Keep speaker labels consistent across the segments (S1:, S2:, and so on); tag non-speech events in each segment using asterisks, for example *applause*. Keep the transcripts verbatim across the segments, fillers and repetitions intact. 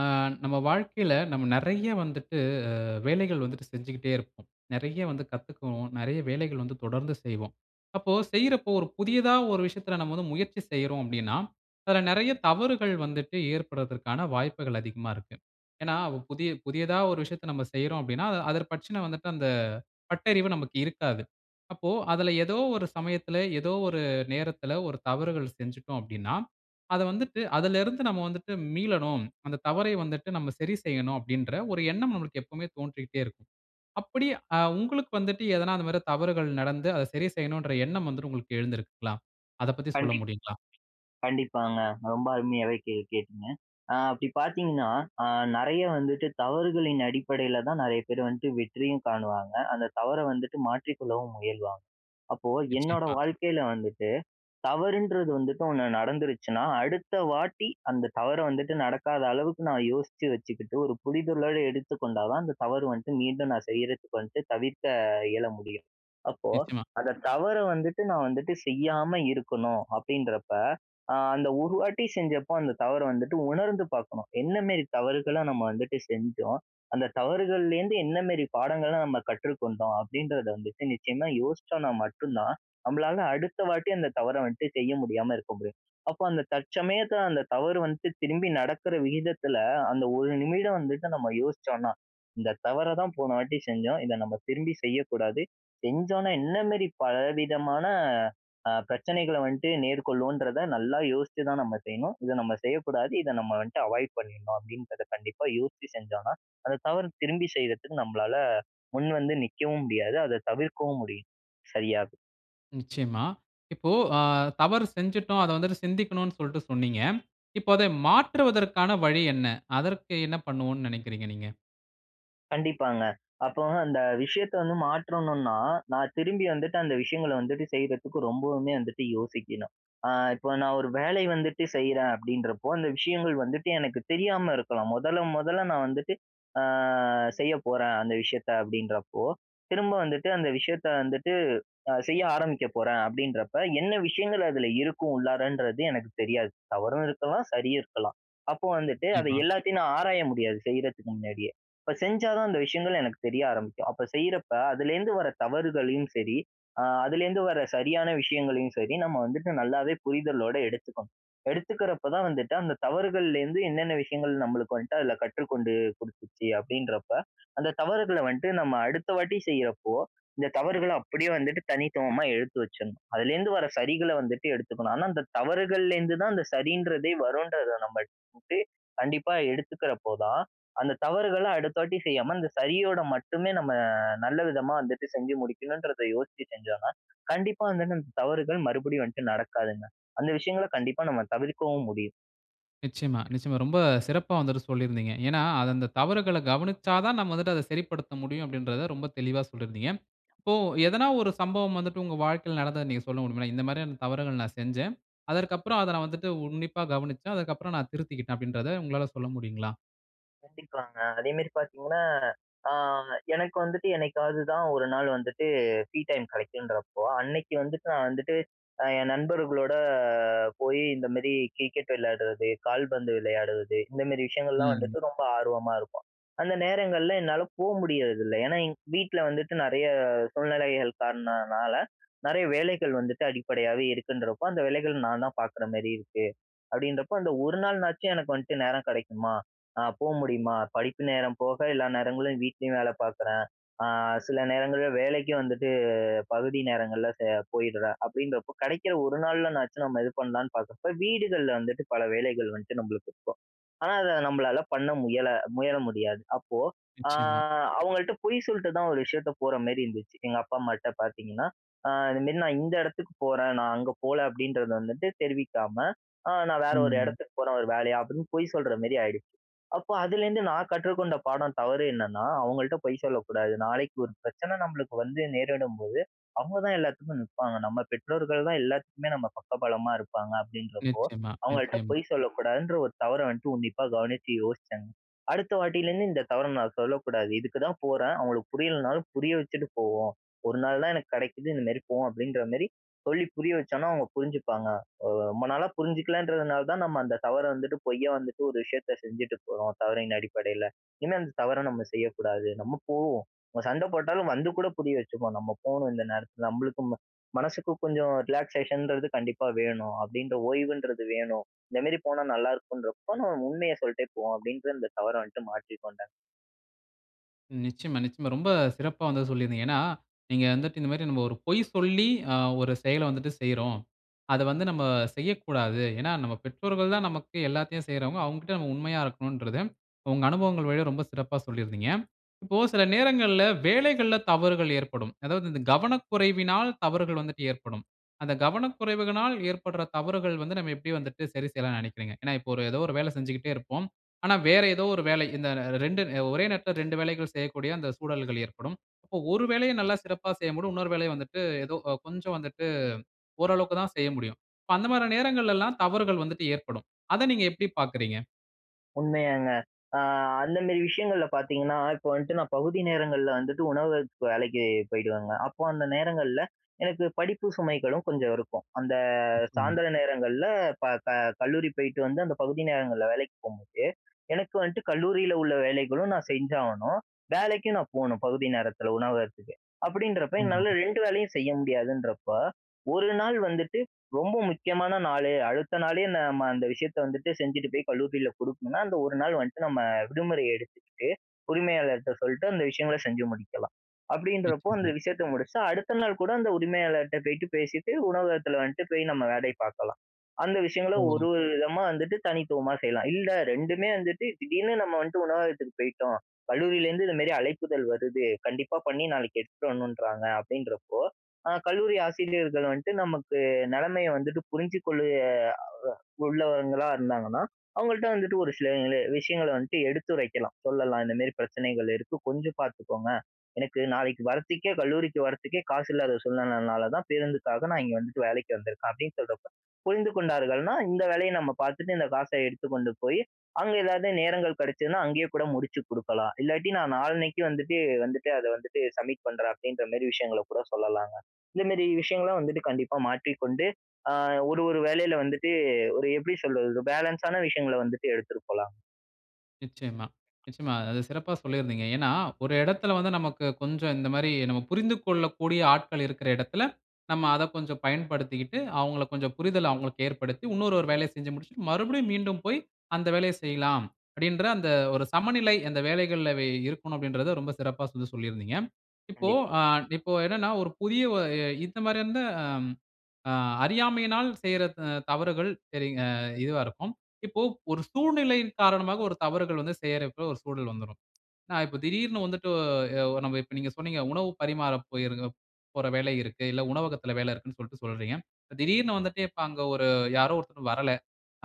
S1: ஆ நம்ம வாழ்க்கையில நம்ம நிறைய வந்துட்டு, ஆ வேலைகள் வந்துட்டு செஞ்சுகிட்டே இருப்போம். நிறைய வந்து கத்துக்குவோம், நிறைய வேலைகள் வந்து தொடர்ந்து செய்வோம். அப்போ, செய்யிறப்போ ஒரு புதியதா ஒரு விஷயத்தில நம்ம வந்து முயற்சி செய்றோம் அப்பிடின்னா, அதில நிறைய தவறுகள் வந்துட்டு ஏற்பட்றதற்கான வாய்ப்புகள் அதிகமா இருக்கு, ஏனா, புதிய, புதியதா ஒரு விஷயத்த நம்ம செய்றோம் அப்பிடின்னா, அத, அதர் பற்றின வந்துட்டு அந்த பட்டறிவு நமக்கு இருக்காது. அப்போ, அதில ஏதோ ஒரு சமயத்தில ஏதோ ஒரு நேரத்தில ஒரு தவறுகள் செஞ்சுட்டோம் அப்பிடின்னா, அத வந்துட்டு அதில இருந்து நம்ம வந்துட்டு மீளணும், அந்த தவறை வந்துட்டு நம்ம சரி செய்யணும் அப்பிடின்ற ஒரு எண்ணம் நமக்கு எப்பவுமே தோன்றிட்டே இருக்கும். அப்பிடி ஆ உங்களுக்கு வந்துட்டு எதனா அந்தமாரி தவறுகள் நடந்து அத சரி செய்யணுன்ற எண்ணம் வந்துட்டு உங்களுக்கு எழுந்திருக்குங்களா? அதப் பத்தி சொல்ல
S2: கண்டிப்
S1: முடியுங்களா?
S2: கண்டிப்பாங்க, ரொம்ப அருமையாவே கே கேட்டீங்க, ஆ அப்பிடி பார்த்தீங்கன்னா, ஆ நிறைய வந்துட்டு தவறுகளின் அடிப்படையில தான் நிறைய பேரு வந்துட்டு வெற்றியும் காணுவாங்க, அந்த தவற வந்துட்டு மாற்றிக் கொள்ளவும் முயல்வாங்க, அப்போ, என்னோட
S1: நிச்சயமா.
S2: வாழ்க்கையில வந்துட்டு, தவறுன்றது வந்துட்டு ஒன்னு நடந்துருச்சுனா, அடுத்த வாட்டி அந்த தவற வந்துட்டு நடக்காத அளவுக்கு நான் யோசிச்சு வச்சுக்கிட்டு ஒரு புரிதலோட எடுத்துக் கொண்டா தான் அந்த தவற வந்ட்டு மீண்டும் நான் செய்யிறதுக்கு வந்ட்டு, தவித்த இயல முடியும். அப்போ,
S1: நிச்சயமா.
S2: அந்த தவற வந்துட்டு நான் வந்துட்டு செய்யாம இருக்கணும், அப்பிடின்றப்ப, ஆ அந்த ஒரு வாட்டி செஞ்சப்ப அந்த தவற வந்துட்டு உணர்ந்து பார்க்கணும், என்ன மேரி தவறுகள நம்ம வந்துட்டு செஞ்சோம்? அந்த தவறுகள்லேருந்து என்ன மேரி பாடங்கள நம்ம கற்றுக்கொண்டோம்? அப்பிடின்றத வந்துட்டு நிச்சயமா யோசிச்சோன்னா மட்டும் தான், நம்பளால அடுத்த வாட்டி அந்த தவற வந்துட்டு செய்ய முடியாம இருக்க முடியும், அப்போ, அந்த தற்சமயத்தில அந்த தவறு வந்துட்டு திரும்பி நடக்கிற விகிதத்தில, அந்த ஒரு நிமிடம் வந்துட்டு நம்ம யோசிச்சோன்னா, இந்த தவற தான் போன வாட்டி செஞ்சோம், இத நம்ம திரும்பி செய்யக்கூடாது, செஞ்சோன்னா என்ன மேரி பலவிதமான ஆ பிரச்சனைகள வந்ட்டு நேர்கொள்ளுவோன்றத நல்லா யோசிச்சு தான் நம்ம செய்யணும், இத நம்ம செய்யக்கூடாது, இத நம்ம வந்ட்டு அவாய்ட் பண்ணிர்ணும் அப்பிடின்றத கண்டிப்பா யோசிச்சு செஞ்சோன்னா, அந்த தவற திரும்பி செய்யிறதுக்கு நம்மளால முன்வந்து நிக்கவும் முடியாது, அத தவிர்க்கவும் முடியும். சரியா?
S1: நிச்சயமா. இப்போ அ தவறு செஞ்சிட்டோம், அத வந்துட்டு சிந்திக்கணுனு சொல்ட்டு சொன்னீங்க. இப்ப அத மாற்றுவதற்கான வழி என்ன? அதற்கு என்ன பண்ணுவோன்னு நனைக்கிறீங்க நீங்க?
S2: கண்டிப்பாங்க. அப்போ அந்த விஷயத்த வந்து மாற்றணுன்னா, நான் திரும்பி வந்துட்டு அந்த விஷயங்கள வந்துட்டு செய்றதுக்கு ரொம்பவுமே வந்துட்டு யோசிக்கணும். ஆ இப்ப நான் ஒரு வேலை வந்துட்டு செய்றேன் அப்பிடின்றப்போ, அந்த விஷயங்கள் வந்துட்டு எனக்கு தெரியாம இருக்கலாம் மொதல, மொதல நான் வந்துட்டு, ஆ செய்ய போறேன். அந்த விஷயத்த அப்பிடின்றப்போ, திரும்ப வந்துட்டு அந்த விஷயத்த வந்துட்டு அ செய்ய ஆரம்பிக்கப் போறேன் அப்பிடின்றப்ப, என்ன விஷயங்கள் அதில இருக்கும் உள்ளாறன்றது எனக்கு தெரியாது. தவறும் இருக்கலாம், சரியும் இருக்கலாம். அப்போ வந்துட்டு அத
S1: நிச்சயமா.
S2: எல்லாத்தையும் நான் ஆராய முடியாது, செய்யிறதுக்கு முன்னாடியே. இப்ப செஞ்சா தான் அந்த விஷயங்கள் எனக்கு தெரிய ஆரம்பிக்கும். அப்ப செய்யிறப்ப அதுலேருந்து வர தவறுகளையும் சரி. ஆ அதுலேருந்து வர சரியான விஷயங்களையும் சரி, நம்ம வந்துட்டு நல்லாவே புரிதலோடு எடுத்துக்கணும். எடுத்துக்கிறப்ப தான் வந்துட்டு அந்த தவறுகள்லருந்து என்னென்ன விஷயங்கள் நம்மளுக்கு வந்துட்டு அதில கற்றுக்கொண்டு குடுத்துச்சு? அப்பிடின்றப்போ *inhales* அந்த தவறுகள வன்ட்டு நம்ம அடுத்த வாட்டி செய்யிறப்போ, இந்த தவறுகள அப்பிடியே வந்துட்டு தனித்துவமா எடுத்து வச்சிட்ணும். அதுலேருந்து வர சரிகள்ல வந்துட்டு எடுத்துக்கணும். ஆனா அந்த தவறுகள்லேருந்து தான் அந்த சரின்றதே வருன்றத நம்ம *unintelligible* கண்டிப்பா எடுத்துக்கிறப்போ தான், அந்த தவறுகள அடுத்த வாட்டி செய்யாம அந்த சரியோட மட்டுமே நம்ம நல்ல விதமா வந்துட்டு செஞ்சு முடிக்கணுன்றத யோசிச்சு செஞ்சா தான், கண்டிப்பா வந்துட்டு அந்த தவறுகள் மறுபடியும் வந்துட்டு நடக்காதுங்க. அந்த விஷயங்கள கண்டிப்பா நம்ம தவிர்க்கவும் முடியும்.
S1: நிச்சயமா, நிச்சயமா. ரொம்ப சிறப்பா வந்துட்டு சொல்லியிருந்தீங்க. ஏன்னா, அது அந்த தவறுகள கவனிச்சா தான் நம்ம வந்துட்டு அத சரிப்படுத்த முடியும் அப்பிடின்றத ரொம்ப தெளிவா சொல்லியிருந்தீங்க. இப்போ எதனா ஒரு சம்பவம் வந்துட்டு உங்க வாழ்க்கையில நடந்தத நீங்க சொல்ல முடியுமா? "இந்த மாதிரியான தவறுகள் நான் செஞ்சேன். அதற்கு அப்பறம் அத நான் வந்துட்டு உன்னிப்பாக கவனிச்சேன். அதற்கு அப்பறம் நான் திருத்திக்கிட்டேன்" அப்பிடின்றத உங்களால சொல்ல முடியுங்களா?
S2: கண்டிப்பாங்க. அதேமாரி பார்த்தீங்கன்னா, ஆ எனக்கு வந்துட்டு என்னைக்காவது தான் ஒரு நாள் வந்துட்டு ஃப்ரீ டைம் கிடைக்குன்றப்போ, அன்னக்கி வந்துட்டு நான் வந்துட்டு, அ என் நண்பர்களோட போயி இந்தமாரி கிரிக்கெட் விளையாட்றது, கால்பந்து விளையாடுவது, இந்தமாரி விஷயங்கள்லாம்
S1: ம்.
S2: வந்துட்டு ரொம்ப ஆர்வமா இருப்போம். அந்த நேரங்கள்ல என்னால போ முடியிறதில்ல. ஏன்னா, எங்க வீட்ல வந்துட்டு நிறைய சூழ்நிலைகள் காரணனால நிறைய வேலைகள் வந்துட்டு அடிப்படையாவே இருக்குன்றப்போ, அந்த வேலைகள் நான் தான் பார்க்குறமாரி இருக்கு, அப்பிடின்றப்போ அந்த ஒரு நாள்னாச்சும் எனக்கு வந்துட்டு நேரம் கிடைக்குமா? அ போ முடியுமா? படிப்பு நேரம் போக எல்லா நேரங்களும் வீட்லேயும் வேல பார்க்குறேன். ஆ சில நேரங்கள்ல வேலைக்கு வந்துட்டு பகுதி நேரங்கள்ல செய போயிட்றேன், அப்பிடின்றப்போ கிடைக்கிற ஒரு நாள்னனாச்சும் நம்ம இது பண்ணலாம்ன்னு பார்க்குறப்போ, வீடுகள்ல வந்துட்டு பல வேலைகள் வந்துட்டு நம்மளுக்கு இருக்கும். ஆனா அத நம்மளால பண்ண முயல முயல முடியாது. அப்போ ஆ
S1: நிச்சயமா.
S2: அவுங்கள்ட்ட பொய் சொல்லிட்டு தான் ஒரு விஷயத்த போறமாரி இருந்துச்சு. எங்க அப்பா, அம்மாட்ட பார்த்தீங்கன்னா, அ "இந்தமாரி நான் இந்த இடத்துக்கு போறேன், நான் அங்க போல" அப்பிடின்றத வந்துட்டு தெரிவிக்காம, அ "நான் வேற ஒரு
S1: ம்.
S2: இடத்துக்கு போறேன் ஒரு வேலையா" அப்பிடின்னு பொய் சொல்றமாரி ஆயிடு அப்போ அதுலேருந்து நான் கற்றுக்கொண்ட பாடம் தவறு என்னன்னா, "அவுங்கள்ட்ட பொய் சொல்லக்கூடாது. நாளைக்கு ஒரு பிரச்சன நம்மளுக்கு வந்து நேரிடும்போது, அவுங்க தான் எல்லாத்துக்கும் நிப்பாங்க. நம்ம பெற்றோர்கள் தான் எல்லாத்துக்குமே நம்ம பக்க பலமா இருப்பாங்க" அப்பிடின்றப்போ,
S1: நிச்சயமா,
S2: அவங்கள்ட்ட
S1: நிச்சயமா.
S2: பொய் சொல்லக்கூடாதுன்ற ஒரு தவற வந்துட்டு உன்னிப்பா கவனிச்சி யோசிச்சேங்க. "அடுத்த வாட்டிலேருந்து இந்த தவற நான் சொல்லக்கூடாது, இதுக்கு தான் போறேன் அவுங்களுக்கு புரியலனாலும் புரிய வச்சுட்டு போவோம், ஒரு நாள் தான் எனக்கு கிடைக்குது, இந்தமாரி போவோம் அப்பிடின்றமாரி சொல்லி புரிய வச்சோன்னா, அவுங்க புரிஞ்சிப்பாங்க. அ வ ரொம்ப நாளா புரிஞ்சுக்கலன்றதுனால தான் நம்ம அந்த தவற வந்துட்டு பொய்ய வந்துட்டு ஒரு விஷயத்த செஞ்சுகிட்டு போறோம், தவறின் அடிப்படையில. இனிமே அந்த தவற நம்ம செய்யக்கூடாது. நம்ம போவோம் நம்ம சண்ட போட்டாலும் வந்து கூட புரிய வச்சுக்குவோம். நம்ம போணும் இந்த நேரத்தில. நம்மளுக்கும் ம மனசுக்கு கொஞ்சம் ரிலாக்சேஷன்றது கண்டிப்பா வேணும். அப்பிடின்ற ஓய்வுன்றது வேணும். இந்தமாரி போனா நல்லாயிருக்குன்றப்போ, நம்ம உண்மைய சொல்ட்டே போவோம்," அப்பிடின்ற அந்த தவற வந்துட்டு மாற்றி கொண்டேங்க.
S1: நிச்சயமா, நிச்சயமா. ரொம்ப சிறப்பா வந்து சொல்லியிருந்தீங்க. ஏன்னா, நீங்க வந்துட்டு இந்தமாரி நம்ம ஒரு பொய் சொல்லி, அ ஒரு செயல வந்துட்டு செய்றோம். அத வந்து நம்ம செய்யக்கூடாது. ஏன்னா, நம்ம பெற்றோர்கள் தான் நமக்கு எல்லாத்தையும் செய்றவங்க. அவுங்கக்கிட்ட நம்ம உண்மையா இருக்கணுன்றத, உங்க அனுபவங்கள் வழியா ரொம்ப சிறப்பா சொல்லியிருந்தீங்க. இப்போ சில நேரங்கள்ல வேலைகள்ல தவறுகள் ஏற்படும். அதாவது இந்த கவனக்குறைவினால் தவறுகள் வந்துட்டு ஏற்படும். அந்த கவனக்குறைவுகளினால் ஏற்படுற தவறுகள் வந்து, நம்ம எப்பயும் வந்துட்டு சரி செய்யலான்னு நினைக்கிறீங்க? ஏன்னா, இப்போத எதோ ஒரு வேல செஞ்சுக்கிட்டே இருப்போம். ஆனா, வேற எதோ ஒரு வேலை, இந்த ர ரெண்டு அ ஒரே நேரத்தில ரெண்டு வேலைகள் செய்யக்கூடிய அந்த சூழல்கள் ஏற்படும். இப்போ, ஒரு வேலைய நல்லா சிறப்பா செய்ய முடியும். இன்னொரு வேலைய வந்துட்டு, எதோ அ கொஞ்சம் வந்துட்டு ஓரளவுக்கு தான் செய்ய முடியும். இப்ப அந்த மாதிரியான நேரங்கள்ல எல்லாம் தவறுகள் வந்துட்டு ஏற்படும். அத நீங்க எப்பிடி பார்க்குறீங்க?
S2: உண்மையாங்க. ஆ அந்தமேரி விஷயங்கள்ல பார்த்தீங்கன்னா, இப்போ வன்ட்டு, நான் பகுதி நேரங்கள்ல வந்துட்டு, உணவகத்துக்கு வேலைக்கி போயிடுவேங்க. அப்போ அந்த நேரங்கள்ல எனக்கு படிப்பு சுமைகளும் கொஞ்சம் இருக்கும். அந்த
S1: நிச்சயமா.
S2: சாய்ந்திர நேரங்கள்ல ப க கல்லூரி போயிட்டு வந்து, அந்த பகுதி நேரங்கள்ல வேலைக்கி போகும்போது, எனக்கு வந்துட்டு கல்லூரியில உள்ள வேலைகளும் நான் செஞ்சாகணும். வேலைக்கும் நான் போணும், பகுதி நேரத்தில, உணவகத்துக்கு. அப்பிடின்றப்போ, என்னால
S1: உண்மைதாங்க.
S2: ரெண்டு வேலையும் செய்ய முடியாதுன்றப்போ, ஒரு நாள் வந்துட்டு ரொம்ப முக்கியமான நாளு, அடுத்த நாளே, நம்ம அந்த விஷயத்த வந்துட்டு செஞ்சுட்டு போய் கல்லூரியில குடுக்கணுனா, அந்த ஒரு நாள் வந்துட்டு, நம்ம விடுமுறை எடுத்துக்கிட்டு, உரிமையாளர்ட்ட சொல்லிட்டு, அந்த விஷயங்கள செஞ்சு முடிக்கலாம். அப்பிடின்றப்போ அந்த
S1: நிச்சயமா.
S2: விஷயத்த முடிச்சு, அடுத்த நாள் கூட அந்த உரிமையாளர்ட்ட போயிட்டு பேசிட்டு, உணவகத்தில வந்துட்டு போய் நம்ம வேலைய பார்க்கலாம். அந்த விஷயங்கள
S1: ஓ!
S2: ஒரு, ஒரு விதமா வந்துட்டு தனித்துவமா செய்யலாம். இல்ல, ரெண்டுமே வந்துட்டு திடீர்னு நம்ம வந்துட்டு உணவகத்துக்கு போயிட்டோம். கல்லூரியிலேருந்து இந்தமாரி அழைப்பிதழ் வருது, கண்டிப்பா பண்ணி, நாளைக்கு எடுத்துட்டு வரணுன்றாங்க அப்பிடின்றப்போ, ஆ கல்லூரி ஆசிரியர்கள் வந்துட்டு நமக்கு நிலைமைய வந்துட்டு புரிஞ்சு கொள்ளு அ உள்ளவங்களாக இருந்தாங்கன்னா, அவுங்கள்ட்ட வந்துட்டு ஒரு சில விஷயங்கள வந்துட்டு எடுத்துரைக்கலாம், சொல்லலாம். இந்தமாரி பிரச்சனைகள் இருக்கு. கொஞ்சம் பார்த்துக்கோங்க. எனக்கு நாளைக்கு வர்றத்துக்கே, கல்லூரிக்கு வர்றதுக்கே காசு இல்லாத சூழ்நிலைனால தான் பேருந்துக்காக நான் இங்க வந்துட்டு வேலைக்கு வந்திருக்கேன். அப்பிடின்னு சொல்றப்ப, புரிந்து கொண்டார்கள்னா, இந்த வேலைய நம்ம பார்த்துட்டு இந்த காச எடுத்துக் கொண்டு போயி, அங்க எதாவது நேரங்கள் கிடைச்சுதுனா, அங்கேயே கூட முடிச்சு குடுக்கலாம். இல்லாட்டி நான் நாளன்னைக்கி வந்துட்டு, வந்துட்டு அத வந்துட்டு சப்மிட் பண்றேன், அப்பிடின்றமாரி விஷயங்கள கூட சொல்லலாங்க. இந்தமேரி விஷயங்களும் வந்துட்டு கண்டிப்பா மாற்றிக்கொண்டு அ ஒரு, ஒரு வேலையில வந்துட்டு ஒரு எப்பிடி சொல்வது? ஒரு பேலன்ஸான விஷயங்கள வந்துட்டு எடுத்துட்டு போலாம்.
S1: நிச்சயமா, நிச்சயமா. அ அத சிறப்பா சொல்லியிருந்தீங்க. ஏன்னா, ஒரு இடத்தில வந்து, நமக்கு கொஞ்சம் இந்தமாரி நம்ம புரிந்து கொள்ளக்கூடிய ஆட்கள் இருக்கிற இடத்தில, நம்ம அத கொஞ்சம் பயன்படுத்திக்கிட்டு, அவுங்கள கொஞ்சம் புரிதல அவுங்ளுக்கு ஏற்படுத்தி, இன்னொரு ஒரு வேலைய செஞ்சு முடிச்சிட்டு, மறுபடியும் மீண்டும் போய் அந்த வேலைய செய்யலாம். அப்பிடின்ற அந்த ஒரு சமநிலை அந்த வேலைகள்ல அவை இருக்கணும் அப்பிடின்றத ரொம்ப சிறப்பா வந்து சொல்லியிருந்தீங்க. இப்போ
S2: கண்டிப்பா.
S1: ஆ இப்போ என்னன்னா, ஒரு புதிய ஒ அ இந்த மாரி அந்த அம். அ அறியாமையினால் செய்ற த தவறுகள் சரிங் அ இதுவா இருக்கும். இப்போ ஒரு சூழ்நிலையின் காரணமாக, ஒரு தவறுகள் வந்து செய்றப்போல ஒரு சூழல் வந்துரும். அ இப்ப திடீர்னு வந்துட்டு, ஒ அ நம்ம இப்ப நீங்க சொன்னீங்க, உணவு பரிமாற போயிருக்கிறப் போற வேல இருக்கு. இல்ல உணவகத்தில வேல இருக்குன்னு சொல்லிட்டு சொல்றீங்க. திடீர்னு வந்துட்டு இப்ப அங்க ஒரு யாரோ ஒருத்தர் வரல.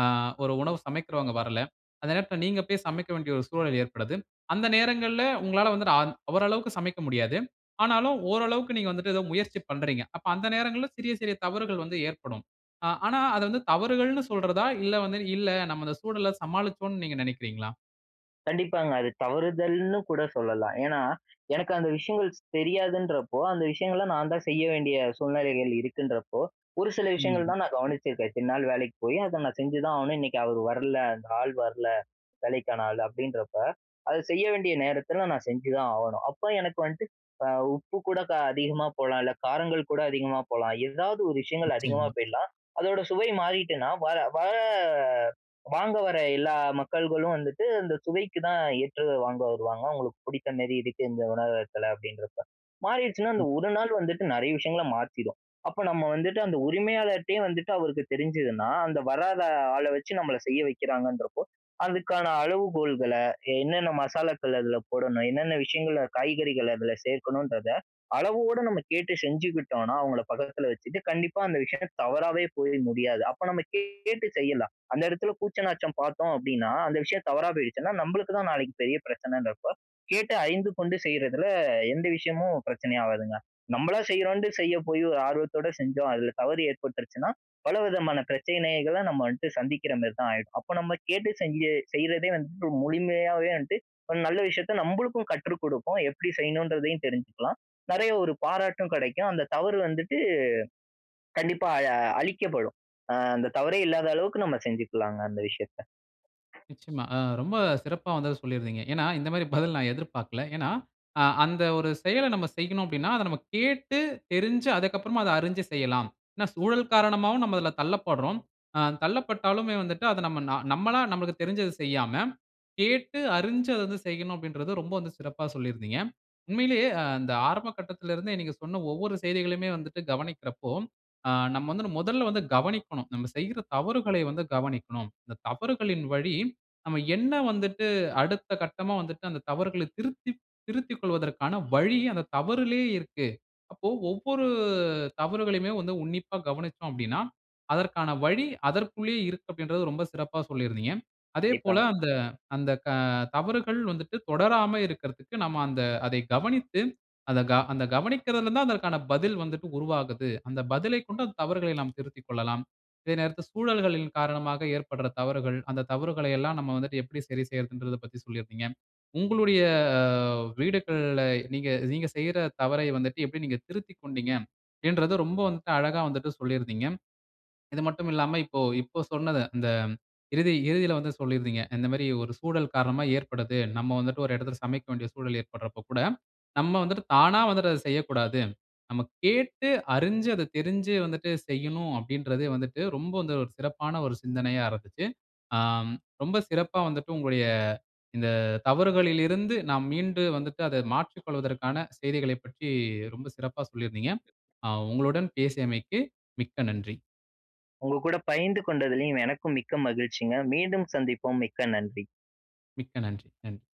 S1: ஆ ஒரு உணவு சமைக்கிறவங்க வரல. அந்த நேரத்தில நீங்க போய் சமைக்க வேண்டிய ஒரு சூழல் ஏற்படுது. அந்த நேரங்கள்ல உங்களால வந்து அந் அவரளவுக்கு சமைக்க முடியாது. ஆனாலும் ஓரளவுக்கு நீங்க வந்துட்டு ஏதோ முயற்சி பண்றீங்க. அப்ப அந்த நேரங்கள்ல சிறிய, சிறிய தவறுகள் வந்து ஏற்படும். ஆ ஆனா, அத வந்து தவறுகள்ன்னு சொல்றதா? இல்ல வந்து இல்ல, நம்ம அந்த சூழல சமாளிச்சோன்னு நீங்க நினைக்கிறீங்களா?
S2: கண்டிப்பாங்க. அது தவறுதல்ன்னு கூட சொல்லலாம், ஏன்னா எனக்கு அந்த விஷயங்கள்ஸ் தெரியாதுன்றப்போ, அந்த விஷயங்கள்லாம் நான் தான் செய்ய வேண்டிய சூழ்நிலைகள் இருக்குன்றப்போ, ஒரு சில விஷயங்கள்
S1: ம்.
S2: தான் நான் கவனிச்சிருக்கேன் இத்தனை நாள் வேலைக்கு போய் அதை நான் செஞ்சுதான் ஆவணும். இன்னைக்கு அவர் வரல அந்த ஆள் வரல, வேலைக்கான ஆள் அப்படின்றப்ப, அத செய்ய வேண்டிய நேரத்தில நான் செஞ்சுதான் ஆவணும், அப்போ எனக்கு வன்ட்டு ஆ உப்பு கூட க அதிகமா போலாம், இல்ல காரங்கள் கூட அதிகமா போலாம், ஏதாவது ஒரு விஷயங்கள் அதிகமா
S1: நிச்சயமா.
S2: போயிலாம், அதோட சுவை மாறிட்டுனா, வார வர வாங்க வர எல்லா மக்கள்களும் வந்துட்டு அந்த சுவைக்கு தான் ஏற்றது வாங்க வருவாங்க, அவங்களுக்கு புடித்த மேரி இருக்கு இந்த உணவகத்தில அப்படின்றப்ப, மாறிடுச்சுனா அந்த ஒரு
S1: *unintelligible*
S2: நாள் வந்துட்டு நிறைய விஷயங்கள மாத்திடும். அப்போ நம்ம வந்துட்டு, அந்த உரிமையாளர்ட்டியே வந்துட்டு அவருக்கு தெரிஞ்சதுன்னா, அந்த வராத ஆள வச்சு நம்மளை செய்ய வைக்கிறாங்கன்றப்போ, அதுக்கான அளவுகோல்கள, என்னென்ன மசாலாக்கள அதில போடணும், என்னென்ன விஷயங்கள காய்கறிகள் அதில சேர்க்கணுன்றத அளவோடு நம்ம கேட்டு செஞ்சுக்கிட்டோனா, அவங்கள பக்கத்தில வச்சுட்டு, கண்டிப்பா அந்த விஷயம் தவறாவே போய் முடியாது. அப்போ நம்ம கேட்டு செய்யலாம், அந்த இடத்துல கூச்ச நாச்சம் பார்த்தோம் அப்படின்னா, அந்த விஷயம் தவறா போயிடுச்சுன்னா, நம்பளுக்கு தான் நாளைக்கு பெரிய பிரச்சனைன்னு இருக்கும், கேட்டு அறிந்து கொண்டு செய்றதில எந்த விஷயமும் பிரச்சனை ஆவாதுங்க, நம்பளா செய்றோன்ட்டு செய்ய போய், ஒரு ஆர்வத்தோடு செஞ்சோம் அதில தவறு ஏற்பட்டுருச்சுன்னா, பல விதமான பிரச்சனைகள நம்ம வன்ட்டு சந்திக்கிற மாதிரி தான் ஆயிடும். அப்போ நம்ம கேட்டு செஞ்சு செய்றதே வந்துட்டு முழுமையாவே வந்ட்டு ஒரு நல்ல விஷயத்த நம்பளுக்கும் கற்று குடுக்கும், எப்டி செய்யணுன்றதையும் தெரிஞ்சுக்கலாம். நிறைய ஒரு பாராட்டும் கிடைக்கும். அந்த தவறு வந்துட்டு கண்டிப்பா அ அழிக்கப்படும். ஆ அந்த தவறே இல்லாத அளவுக்கு நம்ம செஞ்சுக்கலாங்க அந்த விஷயத்த.
S1: நிச்சயமா அ ரொம்ப சிறப்பா வந்து அத சொல்லிருந்தீங்க. ஏன்னா, இந்த மாதிரி பதில் நான் எதிர்பார்க்கல. ஏனா, ஆ அந்த ஒரு செயல நம்ம செய்யனும் அப்படினா, அத நம்ம கேட்டு, தெரிஞ்சு, அதுக்கு அப்புறம் அத அறிஞ்சு செய்யலாம். ஏனா, சூழல் காரணமாவும் நம்ம அதில தள்ளப்பட்றோம். ஆ தள்ளப்பட்டாலுமே வந்துட்டு அத நம்ம நம்மளா நமக்கு தெரிஞ்சது செய்யாம, கேட்டு அறிஞ்சு அத வந்து செய்யனும் அப்படின்றது ரொம்ப வந்து சிறப்பா சொல்லியிருந்தீங்க. உண்மையிலேயே இந்த ஆரம்ப கட்டத்தில இருந்தே, நீங்க சொன்ன ஒவ்வொரு செய்திகளுமே வந்துட்டு கவனிக்கிறப்போ, ஆ நம்ம வந்து முதல்ல வந்து கவனிக்கனும், நம்ம செய்ற தவறுகளை வந்து கவனிக்கனும். இந்த தவறுகளின் வழி நம்ம என்ன வந்துட்டு அடுத்த கட்டமா வந்துட்டு அந்த தவறுகள திருத்தி, திருத்தி கொள்வதற்கான வழி அந்த தவறிலேயே இருக்கு. அப்போ, ஒவ்வொரு தவறுகளையுமே வந்து உன்னிப்பா கவனித்தோம் அப்படினா, அதற்கான வழி அதற்குள்ளேயே இருக்கு அப்படின்றது ரொம்ப சிறப்பா சொல்லியிருந்தீங்க. அதே போல,
S2: கண்டிப்பாங்க.
S1: அந்த அந்த க தவறுகள் வந்துட்டு தொடராம இருக்கறதுக்கு நம்ம அந்த அதை கவனித்து, அதை அந்த கவனிக்கிறதில தான் அதற்கான பதில் வந்துட்டு உருவாகுது. அந்த பதிலைக் கொண்டு அந்த தவறுகளை நாம் திருத்திக்கொள்ளலாம். இதே நேரத்தில சூழல்களின் காரணமாக ஏற்படுற தவறுகள், அந்த தவறுகள எல்லாம் நம்ம வந்துட்டு எப்டி சரி செய்றதுன்றதைப் பத்தி சொல்லியிருந்தீங்க. உங்களுடைய வீடுகள்ல நீங்க, நீங்க செய்ற தவறை வந்துட்டு எப்டி நீங்க திருத்திக்கொண்டீங்க, என்றத ரொம்ப வந்துட்டு அழகா வந்துட்டு சொல்லி இருந்தீங்க. இது மட்டும் இல்லாம இப்போ இப்ப சொன்னத, இந்த இறுதி இறுதியில வந்து சொல்லி இருந்தீங்க, இந்த மாரி ஒரு சூழல் காரணமா ஏற்படுது, நம்ம வந்துட்டு ஒரு இடத்தில சமைக்க வேண்டிய சூழல் ஏற்படுறப்போ கூட நம்ம வந்துட்டு தானா வந்துட்டு அத செய்யக்கூடாது. நம்ம கேட்டு அறிஞ்சு, அத தெரிஞ்சு வந்துட்டு செய்யனும் அப்படின்றது வந்துட்டு ரொம்ப வந்து ஒரு சிறப்பான ஒரு சிந்தனையா இருந்துச்சு. ஆ ரொம்ப சிறப்பா வந்துட்டு, உங்களுடைய இந்த தவறுகளிலிருந்து நாம் மீண்டு வந்துட்டு அதை மாற்றிக் கொள்வதற்கான செய்திகளைப் பற்றி ரொம்ப சிறப்பா சொல்லியிருந்தீங்க, அ உங்களுடன் பேசியமைக்கு மிக்க நன்றி!
S2: உங்க கூட பைய்ந்து கொண்டதிலும் எனக்கும் மிக்க மகிழ்ச்சிங்க. மீண்டும் சந்திப்போம். மிக்க நன்றி!
S1: மிக்க நன்றி! நன்றி!